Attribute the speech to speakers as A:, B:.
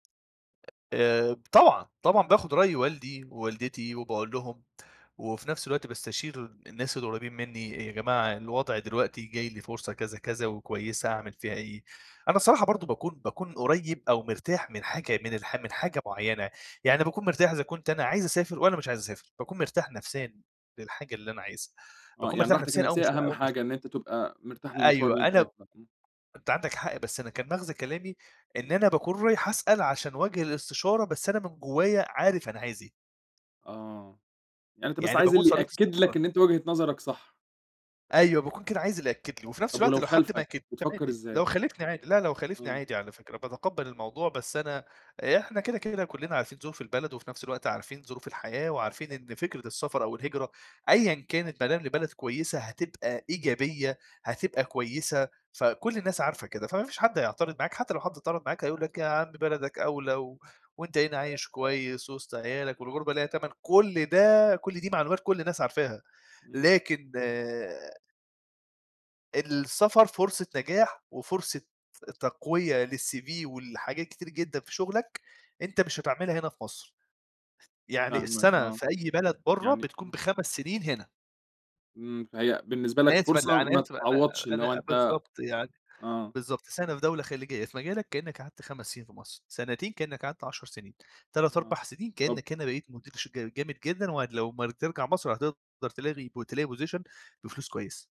A: آآ، ب طبعًا، طبعًا باخد رأي والدي ووالدتي وباقول لهم، وفي نفس الوقت باستشير الناس القريبين منّي أ يا جماعة الوضع دلوقتي جاي لي فرصة كذا كذا وكويسة أعمل فيها إيه؟ أنا الصراحة برضه باكون باكون قريّب أو مرتاح من حاجة من الح من حاجة معيّنة، يعني باكون مرتاح إذا كنت أنا عايز أسافر والّا مش عايز أسافر، باكون مرتاح نفسيًا للحاجة اللي أنا عايزها،
B: آه،
A: باكون
B: يعني
A: مرتاح
B: راحتك
A: نفسيًا أو
B: النفسية
A: مش و
B: أهَم
A: أو مش
B: حاجة إن أنت تبقى مرتاح للمشوار
A: أيوه
B: اللي أنت
A: أنا
B: رايحه ده، إمم.
A: أنت عندك حق بس أنا كان مَغزى كلامي إن
B: إمم.
A: أنا باكون رايح اسأل عشان وجْه الإستشارة بس أنا من جوايا عارف أنا عايز إيه.
B: آه، يعني أنت بس
A: يعني
B: عايز
A: باكون
B: اللي
A: صلّيت
B: يأكد
A: استخارة.
B: لك إن أنت وجهة نظرك صح.
A: أيوه باكون كده عايز اللي يأكد لي، وفي نفس
B: طب
A: الوقت
B: ولو
A: لو حد ما
B: خالفك
A: أكدليش
B: بتفكّر
A: عادي، لو
B: إزاي؟
A: خالفني عادي لأ، لو خالفني
B: إمم.
A: عادي على فكرة باتقبّل الموضوع، بس أنا إحنا كده، كده كلّنا عارفين ظروف البلد وفي نفس الوقت عارفين ظروف الحياة، وعارفين إن فكرة السفر أو الهجرة أيًا كانت بادام لبلد كويسة هتبقى إيجابية هتبقى كويسة فكل الناس عارفة كده. فما فيش حد هيعترض معاك، حتى لو حد اعترض معاك هيقول لك: "يا عم بلدك أولى، و وأنت هنا عايش كويس وِسط عيالك، والغربة ليها تمَن." كل ده كل دي معلومات كل الناس عارفاها.
B: إمم.
A: لكن السفر فرصة نجاح وفرصة تقوية للCV ولحاجات كتير جدًا في شغلك أنت مش هتعملها هنا في مصر. يعني
B: فاهمك
A: السنة
B: آه.
A: في أي بلد برّا
B: يعني
A: بتكون
B: ت
A: ب5 سنين هنا.
B: إمم، فهي بالنسبة لك
A: أنا آسف ال
B: فرصة
A: على
B: ما
A: آسف أنا
B: تتعوضش اللي هو
A: أنا أ
B: أنت
A: بالضبط يعني
B: آه.
A: بالضبط سنة في دولة خليجية في مجالك كإنّك قعدت 5 سنين في مصر، سنتين كإنّك قعدت 10 سنين، تلات،
B: آه،
A: أربع سنين
B: طب
A: كإنّك هنا بقيت مدير شركة جامد جدًا وأد لو ما ال ترجع مصر هتقدر تلاغي بو تلاقي position بفلوس كويسة.